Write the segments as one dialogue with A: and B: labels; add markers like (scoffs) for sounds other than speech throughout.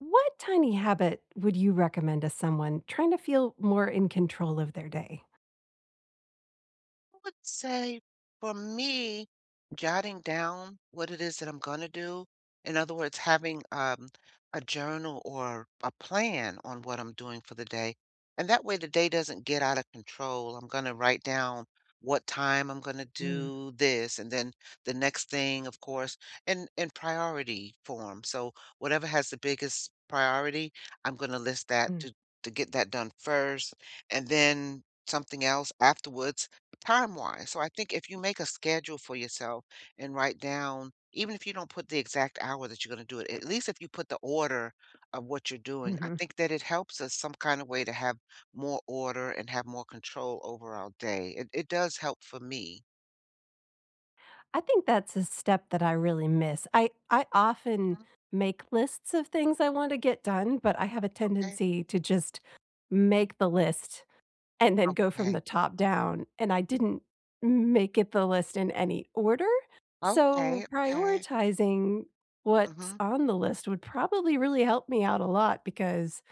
A: What tiny habit would you recommend to someone trying to feel more in control of their day?
B: I would say, for me, jotting down what it is that I'm gonna do. In other words, having, um, a journal or a plan on what I'm doing for the day. And that way the day doesn't get out of control. I'm gonna write down what time I'm gonna
A: Mm.
B: do this and then the next thing, of course, in in priority form. So whatever has the biggest priority, I'm gonna list that
A: Mm.
B: to to get that done first and then something else afterwards time-wise. So, I think if you make a schedule for yourself and write down even if you don't put the exact hour that you're gonna do it, at least if you put the order of what you're doing, I
A: Mhm.
B: think that it helps us some kind of way to have more order and have more control over our day. It it does help for me.
A: I think that's a step that I really miss. I I often
B: Hmm.
A: make lists of things I want to get done, but I have a
B: Okay.
A: tendency to just make the list and then go from
B: Okay.
A: the top down. And I didn't m make it the list in any order.
B: Okay.
A: So,
B: Okay.
A: prioritizing what's
B: Mhm.
A: on the list would probably really help me out a lot because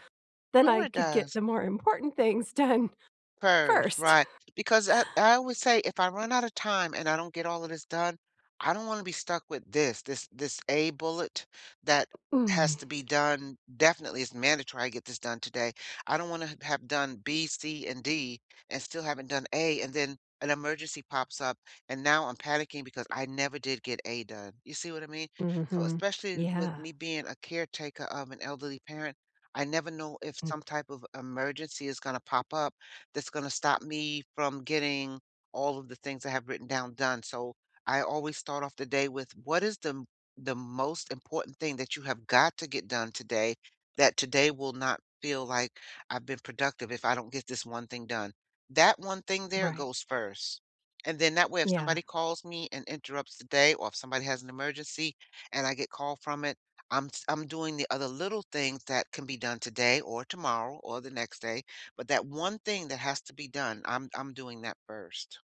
A: then
B: No.
A: I
B: It
A: could get
B: does.
A: the more important things done
B: First.
A: first.
B: Right. Because I I would say, "If I run out of time and I don't get all of this done, I don't wanna be stuck with this. This this a bullet that
A: Mm.
B: has to be done definitely as mandatory I get this done today." I don't wanna have done B, C, and D and still haven't done A, and then an emergency pops up, and now I'm panicking because I never did get A done. You see what I mean? So
A: Mhm.
B: especially with
A: Yeah.
B: me being a caretaker of an elderly parent, I never know if
A: M
B: some type of emergency is gonna pop up that's gonna stop me from getting all of the things I have written down done. So, I always start off the day with what is the m the most important thing that you have got to get done today that today will not feel like I've been productive if I don't get this one thing done. That one thing there
A: Right.
B: goes first. And then that way if
A: Yeah.
B: somebody calls me and interrupts the day or if somebody has an emergency and I get call from it, I'm s I'm doing the other little things that can be done today or tomorrow or the next day. But that one thing that has to be done, I'm I'm doing that first.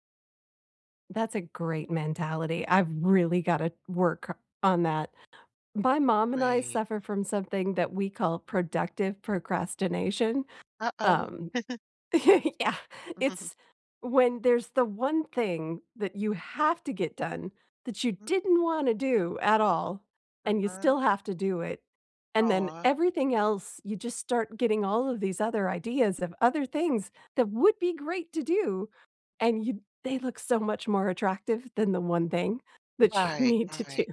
A: That's a great mentality, I've really gotta work on that. My mom and I
B: Great.
A: suffer from something that we call "productive procrastination,"
B: Uh-uh.
A: um,
B: (chuckles)
A: (laughs) Yeah.
B: (chuckles)
A: It's when there's the one thing that you have to get done that you
B: Mhm.
A: didn't wanna do at all, and you
B: Uh-huh.
A: still have to do it, and then
B: Aw.
A: everything else, you just start getting all of these other ideas of other things that would be great to do, and you they look so much more attractive than the one thing that you
B: Right,
A: need to
B: right.
A: do.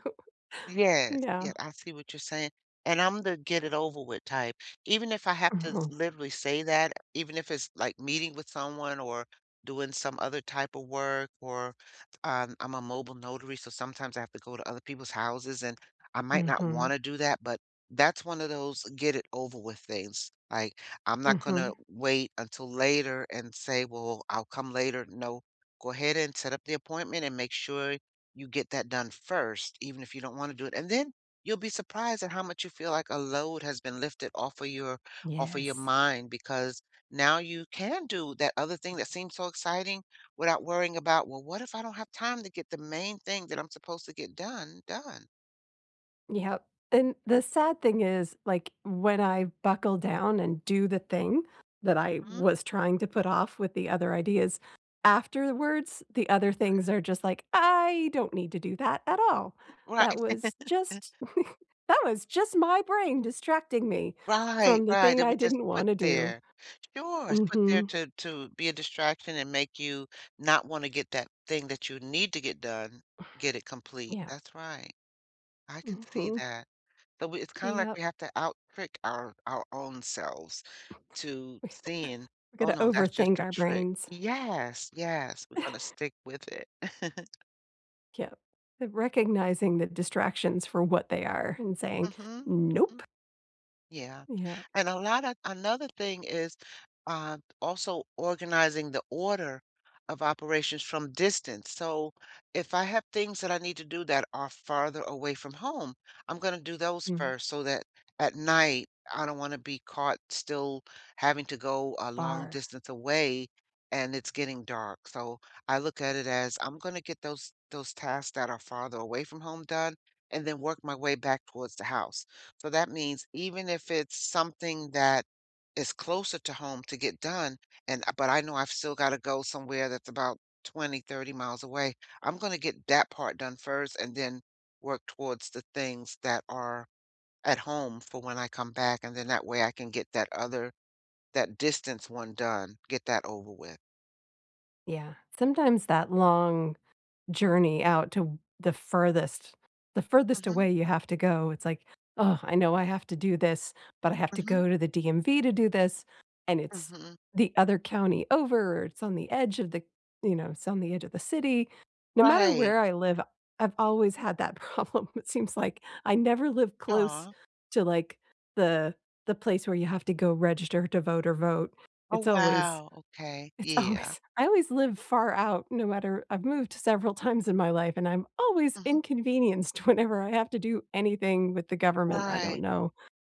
B: Yes,
A: Yeah.
B: yeah, I see what you're saying; and I'm the get-it-over-with type, even if I have to
A: Mhm.
B: literally say that, even if it's, like, meeting with someone or doing some other type of work or, um, I'm a mobile notary, so sometimes I have to go to other people's houses, and I might not
A: Mhm.
B: wanna do that, but that's one of those get-it-over-with things; like, I'm not gonna
A: Mhm.
B: wait until later and say, "Well, I'll come later," no, go ahead and set up the appointment and make sure you get that done first even if you don't wanna do it, and then you'll be surprised at how much you feel like a load has been lifted off of your off of your
A: Yes.
B: mind because now you can do that other thing that seems so exciting without worrying about, well, "What if I don't have time to get the main thing that I'm supposed to get done, done?"
A: Yep. Then the sad thing is, like, when I buckle down and do the thing that I
B: Hmm.
A: was trying to put off with the other ideas afterwards, the other
B: Right.
A: things are just like, "I don't need to do that at all.
B: Right.
A: That was just
B: (chuckles)
A: (chuckles) that was just my brain distracting me
B: Right,
A: from the
B: right,
A: thing
B: it
A: I
B: was just
A: didn't
B: put
A: wanna do."
B: there. Sure, it's put there
A: Mhm.
B: to to be a distraction and make you not wanna get that thing that you need to get done, get it
A: (exhales)
B: complete.
A: Yeah.
B: That's right. I could see
A: Mhm.
B: that. But we it's kinda like
A: Yep.
B: we have to out trick our our own selves to sayin',
A: (chuckles)
B: "Oh,
A: Gotta
B: no, that's just
A: overthink
B: a
A: our
B: trick."
A: brains.
B: Yes, yes. We're gonna
A: (chuckles)
B: stick with it. (chuckles)
A: Yep. But recognizing the distractions for what they are and saying,
B: Mhm.
A: "Nope."
B: Mm. Yeah,
A: Yep.
B: and a lotta another thing is, uh, also organizing the order of operations from distance, so, if I have things that I need to do that are farther away from home, I'm gonna do those
A: Mhm.
B: first so that at night, I don't wanna be caught still having to go a long
A: Far.
B: distance away and it's getting dark, so, I look at it as I'm gonna get those those tasks that are farther away from home done and then work my way back towards the house. So that means even if it's something that is closer to home to get done and but I know I've still gotta go somewhere that's about 20, 30 miles away, I'm gonna get that part done first and then work towards the things that are at home for when I come back, and then that way I can get that other that distance one done, get that over with.
A: Yeah. Sometimes that long journey out to the furthest the furthest
B: Mhm.
A: away you have to go, it's like, "Ugh, I know I have to do this, but I have to
B: Mhm.
A: go to the DMV to do this, and it's
B: Mhm.
A: the other county over. It's on the edge of the you know, it's on the edge of the city." No matter
B: Right.
A: where I live, I've always had that problem. It seems like I never live close
B: Aw.
A: to, like, the the place where you have to go register to vote or vote.
B: Oh,
A: It's always
B: wow. Okay.
A: it's
B: Yeah.
A: always I always live far out no matter I've moved several times in my life, and I'm always
B: Mhm.
A: inconvenienced whenever I have to do anything with the government. I don't
B: Right.
A: know.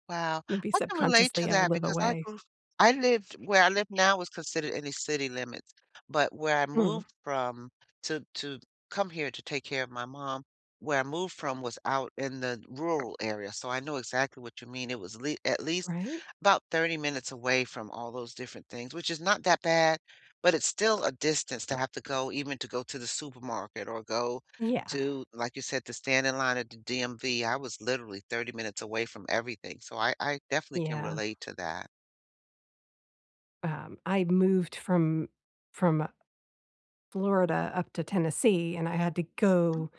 B: Wow.
A: Maybe
B: I can relate to
A: subconsciously, I
B: that
A: live
B: because I
A: away.
B: grew I lived where I live now was considered in the city limits, but where I
A: Mm.
B: moved from to to come here to take care of my mom, where I moved from was out in the rural area. So I know exactly what you mean. It was lea at least
A: Right.
B: about 30 minutes away from all those different things, which is not that bad, but it's still a distance to have to go even to go to the supermarket or go
A: Yeah.
B: to, like you said, to stand in line at the DMV. I was literally 30 minutes away from everything. So I I definitely can
A: Yeah.
B: relate to that.
A: Um, I moved from from Florida up to Tennessee, and I had to go
B: Mm.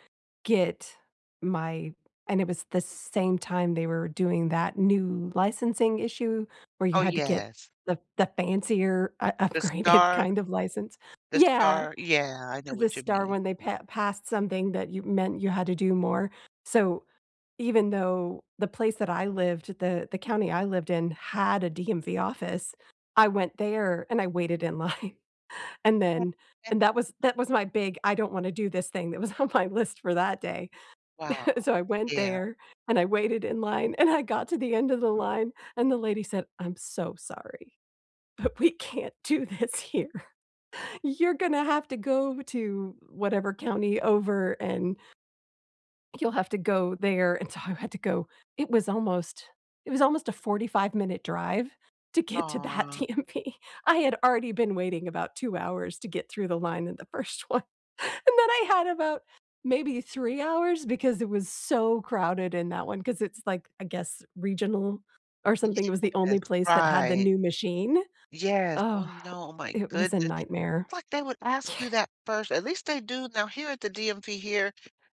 A: get my and it was the same time they were doing that new licensing issue where you
B: Oh,
A: had to get
B: yes.
A: the the fancier u
B: The
A: upgraded
B: star
A: kind of license.
B: the
A: Yeah.
B: star Yeah, I know
A: The
B: what you
A: star
B: mean.
A: one, they pa passed something that you meant you had to do more. So, even though the place that I lived the the county I lived in had a DMV office, I went there and I waited in line. And then
B: (unintelligible)
A: and that was that was my big, "I don't wanna do this thing," that was on my list for that day.
B: Wow.
A: (chuckles) So I went
B: Yeah.
A: there and I waited in line and I got to the end of the line, and the lady said, "I'm so sorry, but we can't do this here. You're gonna have to go to whatever county over and" "you'll have to go there." And so I had to go. It was almost it was almost a forty-five-minute drive to get to that
B: Aw.
A: DMV. I had already been waiting about 2 hours to get through the line in the first one. And then I had about, maybe 3 hours because it was so crowded in that one, 'cause it's like, I guess, regional or something, it was the
B: Yes.
A: only place that had the
B: Right.
A: new machine.
B: Yes. Oh,
A: Oh,
B: no, oh my
A: it was a
B: goodness.
A: nightmare.
B: Like, they would ask you
A: (scoffs)
B: that first. At least they do now, here at the DMV here,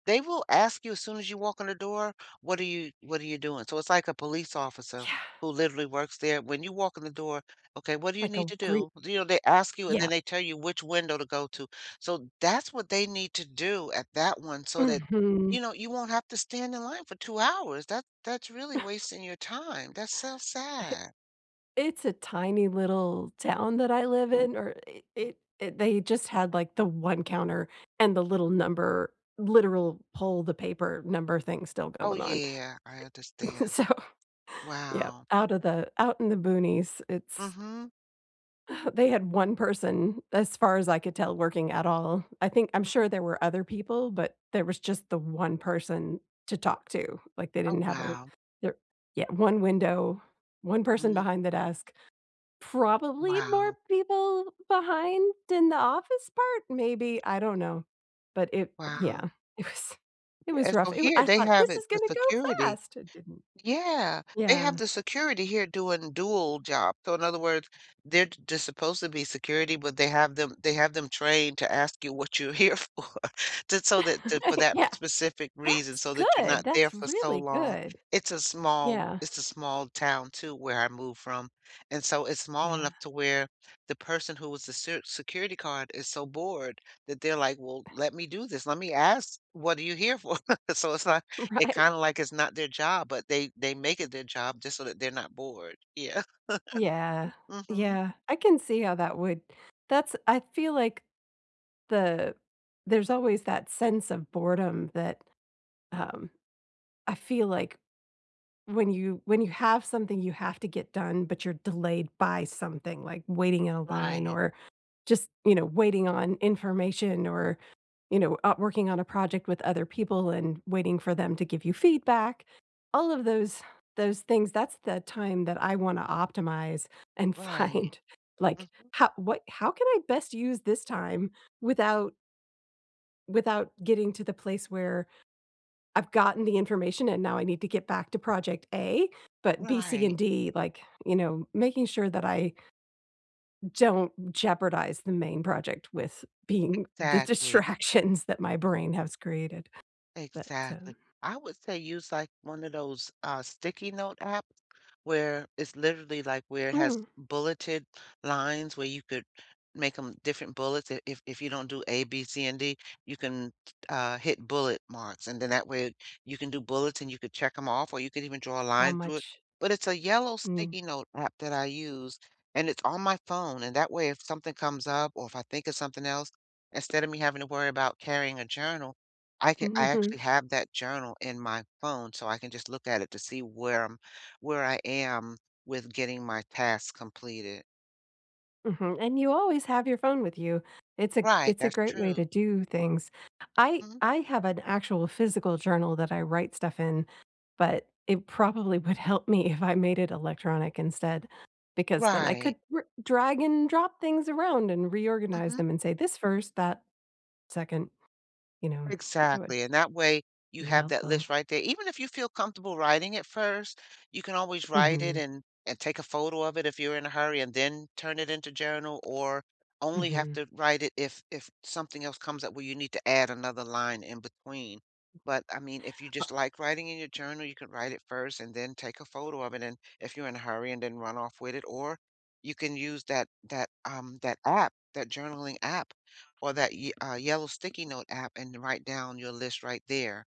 B: they will ask you as soon as you walk in the door, "What are you what are you doing?" So, it's like a police officer
A: Yeah.
B: who literally works there. When you walk in the door, "Okay, what do you
A: Like
B: need
A: a
B: to
A: gr
B: do?" You know, they ask you, and
A: Yeah.
B: then they tell you which window to go to. So, that's what they need to do at that one so that,
A: Mhm.
B: you know, you won't have to stand in line for 2 hours, that that's really
A: (chuckles)
B: wasting your time, that's so
A: (laughs)
B: sad.
A: It's a tiny little town that I live in or i it it they just had, like, the one counter and the little number, literal pull-the-paper-number thing still
B: Oh,
A: going on.
B: yeah. I
A: I
B: understand.
A: So yep.
B: Wow.
A: Out of the out in the boonies, it's
B: Mhm.
A: (chuckles) they had 1 person, as far as I could tell, working at all. I think I'm
B: Mhm.
A: sure there were other people, but there was just the 1 person to talk to. Like, they
B: Oh,
A: didn't have a
B: wow.
A: there yeah. 1 window, 1 person
B: Mhm.
A: behind the desk. Probably more
B: Wow.
A: people behind in the office part, maybe, I don't know. But it
B: Wow.
A: yeah. It was it was
B: Yeah,
A: rough,
B: so
A: it wa
B: here,
A: I
B: they
A: thought,
B: have
A: "This
B: it,
A: is
B: the
A: gonna go
B: security.
A: fast." It didn't.
B: Yeah. They have
A: Yeah.
B: the security here doing dual job. So in other words, they're j just supposed to be security, but they have them they have them trained to ask you what you're here for. Just so
A: (laughs)
B: that
A: Uh,
B: that for that
A: yeah.
B: specific reason
A: That's
B: so that you're
A: good!
B: not there
A: That's
B: for so
A: really
B: long.
A: good.
B: It's a small
A: Yeah.
B: it's a small town too where I moved from. And so it's small
A: Yeah.
B: enough to where the person who was the ser security card is so bored that they're like, "Well, let
A: (unintelligible)
B: me do this. Let me ask. 'What are you here for?'" (chuckles) So it's like it
A: Right.
B: kinda like is not their job, but they they make it their job just so that they're not bored. Yeah.
A: Yeah.
B: (chuckles) Mhm.
A: Yeah. I can see how that would that's I feel like the there's always that sense of boredom that, um, I feel like when you when you have something you have to get done, but you're delayed by something, like waiting in a line
B: Right.
A: or just, you know, waiting on information or, you know, uh, working on a project with other people and waiting for them to give you feedback. All of those those things, that's the time that I wanna optimize and
B: Right.
A: find, like,
B: Mhm.
A: "How what how can I best use this time without" without getting to the place where I've gotten the information and now I need to get back to project A, but B, C,
B: Right.
A: and D, like, you know, making sure that I "don't jeopardize the main project with being the
B: Exactly.
A: distractions that my brain has created?" But,
B: Exactly.
A: um
B: I would say use, like, one of those, uh, sticky note apps where it's literally, like, where it has
A: Mm.
B: bulleted lines where you could make 'em different bullets. If if you don't do A, B, C, and D, you can, t uh, hit bullet marks. And then that way you can do bullets and you could check 'em off or you could even draw a
A: How
B: line through it.
A: much
B: But it's a yellow
A: Mm.
B: sticky note app that I use, and it's on my phone and that way if something comes up or if I think of something else, instead of me having to worry about carrying a journal, I can I
A: Mhm.
B: actually have that journal in my phone so I can just look at it to see where I'm where I am with getting my tasks completed.
A: Mhm, and you always have your phone with you. It's a
B: Right,
A: it's a
B: that's
A: great way to
B: true.
A: do things. I
B: Mm.
A: I have an actual physical journal that I write stuff in, but it probably would help me if I made it electronic instead, because then I
B: Right.
A: could r drag and drop things around and reorganize
B: Mhm.
A: them and say "This 1st, that 2nd." You know, that would
B: Exactly, and that way you
A: be
B: have that
A: helpful.
B: list right there even if you feel comfortable writing it first, you can always write it
A: Mhm.
B: and and take a photo of it if you're in a hurry and then turn it into journal or only have
A: Mhm.
B: to write it if if something else comes up where you need to add another line in between. But, I mean, if you
A: O
B: just like writing in your journal, you could write it first and then take a photo of it, and if you're in a hurry and then run off with it, or you can use that that, um, that app, that journaling app or that y uh, yellow sticky note app and write down your list right there.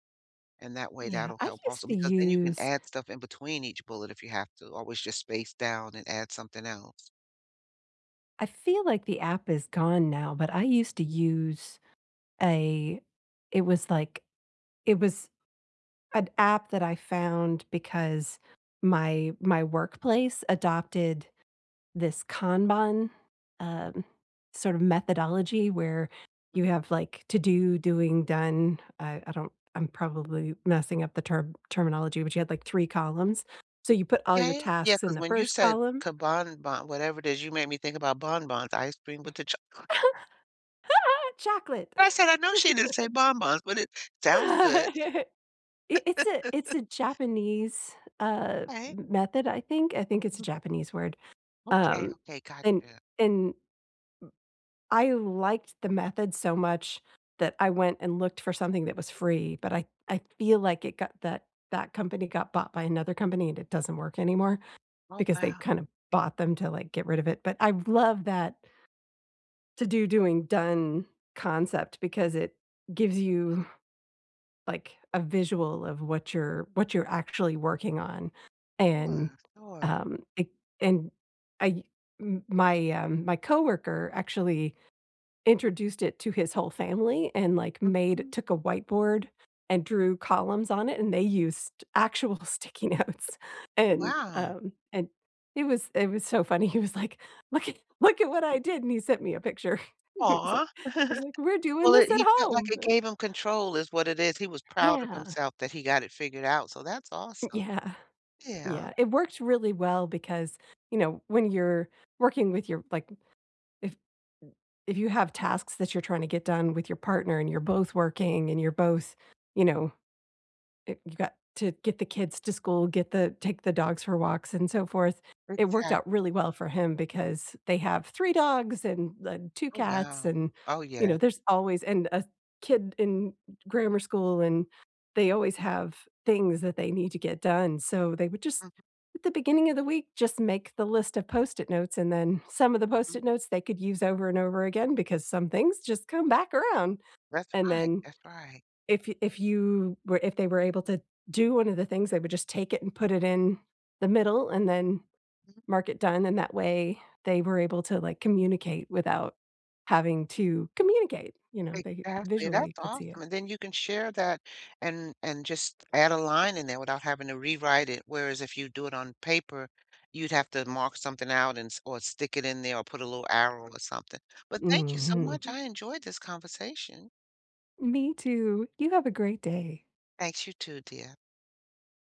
B: And that way,
A: Yeah,
B: that'll
A: I
B: help
A: used
B: also
A: to
B: because then you can
A: use
B: add stuff in between each bullet if you have to always just space down and add something else.
A: I feel like the app is gone now, but I used to use a it was, like it was an app that I found because my my workplace adopted this Kanban, um, sort of methodology where
B: M
A: you have, like, "to do, doing, done" uh, I don't I'm probably messing up the term terminology, but you had like 3 columns. So you put all
B: Yeah,
A: your
B: eh yeah
A: tasks in
B: 'cause
A: the
B: when you
A: 1st
B: said
A: column.
B: "Kanban” whatever is, you made me think about bonbons ice cream with the choc
A: (laughs) Chocolate.
B: I said, "I know she didn't say
A: (laughs)
B: bonbons." But it
A: (laughs)
B: sounds good.
A: I it's a it's
B: (laughs)
A: a Japanese, uh,
B: Hey.
A: m method, I think I think it's a
B: B
A: Japanese word,
B: Okay,
A: um,
B: okay
A: and
B: gotcha.
A: and m I liked the method so much that I went and looked for something that was free, but I I feel like it got that that company got bought by another company, and it doesn't work anymore
B: Oh,
A: because they
B: wow.
A: kind of bought them to, like, get rid of it, but I love that "to do, doing, done" concept because it gives you,
B: Hmm.
A: like, a visual of what you're what you're actually working on. And,
B: Sure, sure.
A: um, it and I m my, um, coworker actually introduced it to his whole family and, like, made
B: Mhm.
A: took a whiteboard and drew columns on it, and they used actual sticky notes, and,
B: Wow.
A: um, and it was it was so funny. He was like, "Look at look at what I did" and he sent me a picture. (chuckles) He was like
B: Aw.
A: he was
B: (chuckles)
A: like "We're doing
B: Well, it
A: this at
B: he felt like
A: home."
B: it gave him control is what it is, he was proud of
A: Yeah.
B: himself that he got it figured out, so that's
A: N
B: awesome.
A: Yeah.
B: Yeah.
A: Yeah, it worked really well because, you know, when you're working with your like, if if you have tasks that you're tryna get done with your partner and you're both working and you're both you know, eh, you've got to get the kids to school, get the take the dogs for walks and so forth. It worked out
B: Exactly.
A: really well for him because they have 3 dogs and the 2
B: Oh,
A: cats
B: wow.
A: and,
B: Oh,
A: you
B: yeah.
A: know, there's always, and a kid in grammar school, and they always have things that they need to get done- so they would just
B: Mhm.
A: at the beginning of the week, just make the list of Post-it notes and then some of the
B: Mm.
A: Post-it notes they could use over and over again because some things just come back around,
B: That's
A: and
B: right,
A: then
B: that's right.
A: if y if you were if they were able to do one of the things, would just take it and put it in the middle and then
B: Mhm.
A: mark it done, and that way, they were able to, like, communicate without having to communicate, you know, they
B: Exactly,
A: visually
B: that's
A: could see
B: awesome
A: it.
B: and then you can share that and and just add a line in there without having to rewrite it whereas if you do it on paper, you'd have to mark something out and s or stick it in there or put a little arrow or something, but thank you so much
A: Mhm.
B: I enjoyed this conversation.
A: Me too, you have a great day.
B: Thanks, you too, dear.